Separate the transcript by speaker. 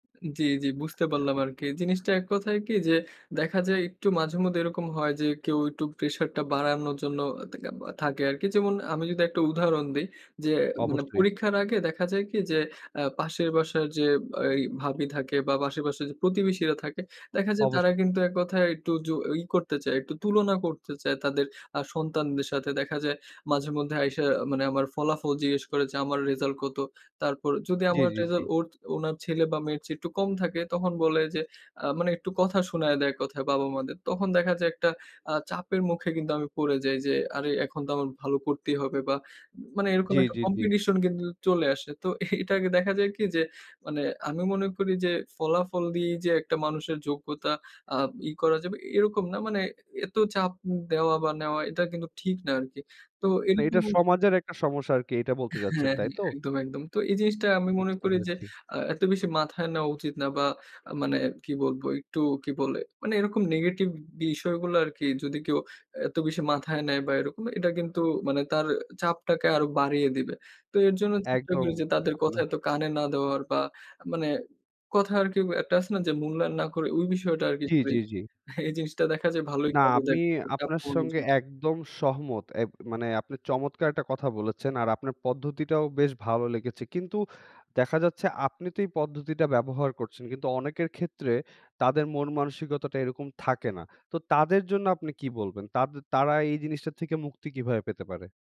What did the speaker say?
Speaker 1: জি, জি বুঝতে পারলাম আরকি। জিনিসটা এক কথায় কি যে, দেখা যায় একটু মাঝে মধ্যে এরকম হয় যে কেউ একটু প্রেশার টা বাড়ানোর জন্য অ [unintelligible] থাকে আরকি। যেমন আমি যদি একটা উদাহরণ দেই, যে মানে
Speaker 2: অবশ্যই।
Speaker 1: পরীক্ষার আগে দেখা যায় কি যে অ্যা পাশের বাসার যে আই ভাবী থাকে বা পাশের বাসার যে প্রতিবেশীরা থাকে দেখা যায় তারা
Speaker 2: অবশ্যই।
Speaker 1: কিন্তু এক কথায় একটু যু ই করতে চায় একটু তুলনা করতে চায় তাদের আ সন্তানদের সাথে। দেখা যায় মাঝে মধ্যে আইসা মানে আমার ফলাফল জিজ্ঞেস করে যে আমার result কত? তারপর যদি
Speaker 2: জি,
Speaker 1: আমার
Speaker 2: জি, জি।
Speaker 1: রেজাল্ট ওর, ওনার ছেলে বা মেয়ের চেয়ে একটু কম থাকে তখন বলে যে আ মানে একটু কথা শুনাইয়া দেয় এককথায় বাবা-মা দের। তখন দেখা যায় একটা আ চাপের মুখে কিন্তু আমি পড়ে যাই, যে আরে এখন তো আমার ভালো করতেই হবে বা উম মানে এরকম
Speaker 2: জ্বী,
Speaker 1: একটা
Speaker 2: জ্বী, জ্বী।
Speaker 1: Competition কিন্তু চলে আসে। তো এটাকে দেখা যায় কি যে, মানে আমি মনে করি যে ফলাফল দিয়েই যে একটা মানুষের যোগ্যতা আ ই করা যাবে এরকম না মানে এত চাপ দেওয়া বা নেওয়া এটা কিন্তু ঠিক না আরকি। তো
Speaker 2: না এটা
Speaker 1: এরকম
Speaker 2: সমাজের একটা সমস্যা আরকি এটা বলতে
Speaker 1: হ্যাঁ,
Speaker 2: চাচ্ছেন
Speaker 1: হ্যাঁ
Speaker 2: তাই তো?
Speaker 1: একদম, একদম। তো এই জিনিসটা আমি মনে
Speaker 2: বুঝতে
Speaker 1: করি যে
Speaker 2: পেরেছি।
Speaker 1: আ এত বেশি মাথায় নেওয়া উচিত না। বা মানে কি বলব একটু কি বলে? মানে এরকম নেগেটিভ বিষয়গুলা আরকি যদি কেউ এত বেশি মাথায় নেয় বা এরকম এটা কিন্তু মানে তার চাপটাকে আরো বাড়িয়ে দিবে। তো এর জন্য চেষ্টা
Speaker 2: একদম
Speaker 1: করি যে তাদের কথা
Speaker 2: আপনার
Speaker 1: এত কানে না দেওয়ার বা মানে কথা আরকি গ একটা আছে না? যে মূল্যায়ন না করে ঐ বিষয়টা আরকি
Speaker 2: জি, জি,
Speaker 1: [unintelligible]
Speaker 2: জি।
Speaker 1: এই জিনিসটা দেখা যায় ভালোই
Speaker 2: না
Speaker 1: কাজে
Speaker 2: আমি
Speaker 1: দেয় চাপ
Speaker 2: আপনার
Speaker 1: কমানোর
Speaker 2: সঙ্গে
Speaker 1: জন্য।
Speaker 2: একদম সহমত। এব মানে আপনি চমৎকার একটা কথা বলেছেন। আর আপনার পদ্ধতিটাও বেশ ভালো লেগেছে। কিন্তু দেখা যাচ্ছে আপনি তো এই পদ্ধতিটা ব্যবহার করছেন কিন্তু অনেকের ক্ষেত্রে তাদের মন মানসিকতাটা এরকম থাকে না। তো তাদের জন্য আপনি কি বলবেন? তাদে তারা এই জিনিসটা থেকে মুক্তি কিভাবে পেতে পারে?